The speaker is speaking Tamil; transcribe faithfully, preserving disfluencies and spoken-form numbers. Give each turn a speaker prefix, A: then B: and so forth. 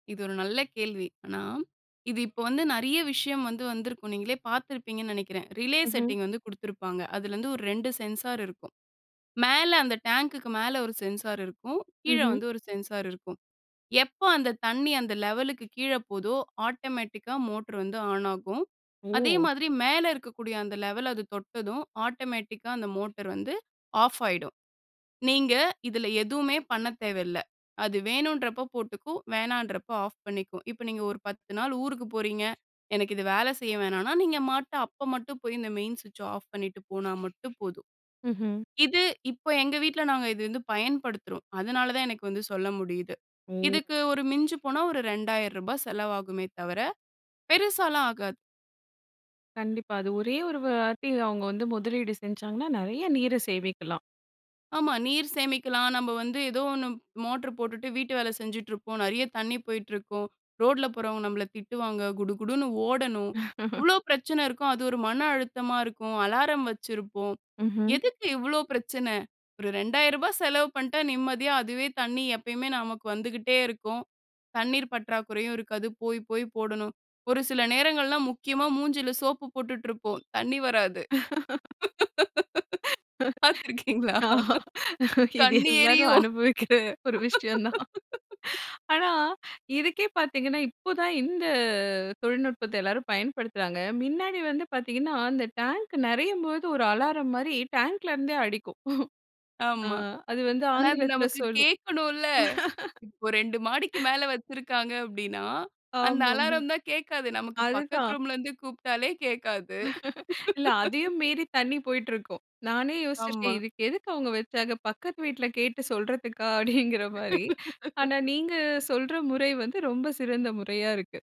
A: இது ஒரு நல்ல கேள்வி. ஆனா, இது இப்போ வந்து நெறைய விஷயம் வந்து வந்திருக்கும். நீங்களே பார்த்திருப்பீங்கன்னு நெனைக்கிறேன். ரிலே
B: இஹ்ம்.
A: செட்டிங் வந்து குடுத்துருப்பாங்க. அதுலருந்து ஒரு ரெண்டு சென்சார் இருக்கும். மேல அந்த டேங்குக்கு மேல ஒரு சென்சார் இருக்கும். கீழ
B: ம்ஹ்ம்.
A: வந்து ஒரு சென்சார் இருக்கும். எப்போ அந்த தண்ணி அந்த லெவலுக்கு கீழ போதோ, ஆட்டோமேட்டிக்கா மோட்ரு வந்து ஆன் ஆகும். அதே
B: ஓ!
A: மாதிரி மேல இருக்கக்கூடிய அந்த லெவல் அது தொட்டதும், ஆட்டோமேட்டிக்கா அந்த மோட்டர் வந்து ஆஃப் ஆயிடும். நீங்க இதில எதுவுமே பண்ண தேவைல்ல. அது வேணும்ன்றப்ப போட்டுக்கும், வேணாம்ன்றப்ப ஆஃப் பண்ணிக்கும். இப்ப நீங்க ஒரு பத்து நாள் ஊருக்கு போறீங்க. எனக்கு இது வேல செய்ய வேணான்னா, நீங்க மாட்ட அப்ப மட்டும் போய், இந்த மெயின் ஸ்விட்ச்ச ஆஃப் பண்ணீட்டு போனா மட்டும் போதும்.
B: ம்ஹ்ம்.
A: இது இப்ப எங்க வீட்ல நாங்க இது வந்து பயன்படுத்துறோம். அதனால தான் எனக்கு வந்து சொல்ல முடியுது.
B: ஓ!
A: இதுக்கு ஒரு மிஞ்சி போனா ஒரு ரெண்டாயிரம் ரூபா செலவாகுமே தவர, பெருசால்லாம் ஆகாது.
B: கண்டிப்பா. அது ஒரே ஒரு வாட்டி அவுங்க வந்து முதலீடு செஞ்சாங்கன்னா, நெறைய நீரை சேமிக்கலாம்.
A: ஆமா. நீர் சேமிக்கலாம். நம்ப வந்து எதோ ஒண்ணு மோட்ரு போட்டுட்டு, வீட்டு வேல செஞ்சுட்ருப்போம். நெறைய தண்ணி போயிட்டிருக்கும். ரோட்ல போறவங்க நம்பள திட்டுவாங்க. குடு குடுன்னு ஓடணும். இவ்வளோ பிரச்சன இருக்கும். அது ஒரு மன அழுத்தமா இருக்கும். அலாரம் வச்சிருப்போம்.
B: ம்ஹ்ம்.
A: எதுக்கு இவ்வளோ பிரச்சன? ஒரு ரெண்டாயிரம் ரூபா செலவு பண்ட்டா, நிம்மதியா அதுவே தண்ணி எப்பயுமே நமக்கு வந்துகிட்டே இருக்கும். தண்ணீர் பற்றாக்குறையும் இருக்காது. போய், போய் போடணும். ஒரு சில நேரங்கள்லாம், முக்கியமா மூஞ்சில சோப்பு போட்டுட்ருப்போம், தண்ணி வராது. பாத்திருக்கீங்களா?
B: ஆ இது
A: கண்ணு
B: எல்லாரும்
A: எரியும்.
B: அனுபவிக்கிற ஒரு விஷயம் தான். ஆனா, இதுக்கே பார்த்தீங்கன்னா, இப்ப தான் இந்த தொழில்நுட்பத்த எல்லாரும் பயன்படுத்துறாங்க. மின்னாடி வந்து பார்த்தீங்கன்னா, அந்த டேங்க் நெறையும்போது, ஒரு அலாரம் மாரி டேங்க்லேருந்தே அடிக்கும். ஆ
A: ஆமா.
B: அது வந்து
A: ஆனா, அது
B: ஆங்கிலத்தில
A: நமக்கு
B: சொல்லும்.
A: கேட்கணும்ல்ல. இப்ப ரெண்டு மாடிக்கு மேல வச்சிருக்காங்க அப்படீன்னா, அந்த
B: ஆமாமா.
A: அலாரம் தான் கேட்காது. நமக்கு பக்கத்து
B: அதுதான்.
A: ரூம்ல இருந்து கூப்பிட்டாலே கேட்காது.
B: இல்ல, அதையும் மீறி தண்ணி போய்ட்ருக்கும். நானே யோசிச்சிருக்கேன்,
A: ஆமா.
B: "இதுக்கு எதுக்கு அவுங்க வச்சாங்க? பக்கத்து வீட்ல கேட்டு சொல்றதுக்கா" அப்படீங்கிறமாரி. ஆனா நீங்க சொல்ற முறை வந்து ரொம்ப சிறந்த முறையா இருக்கு.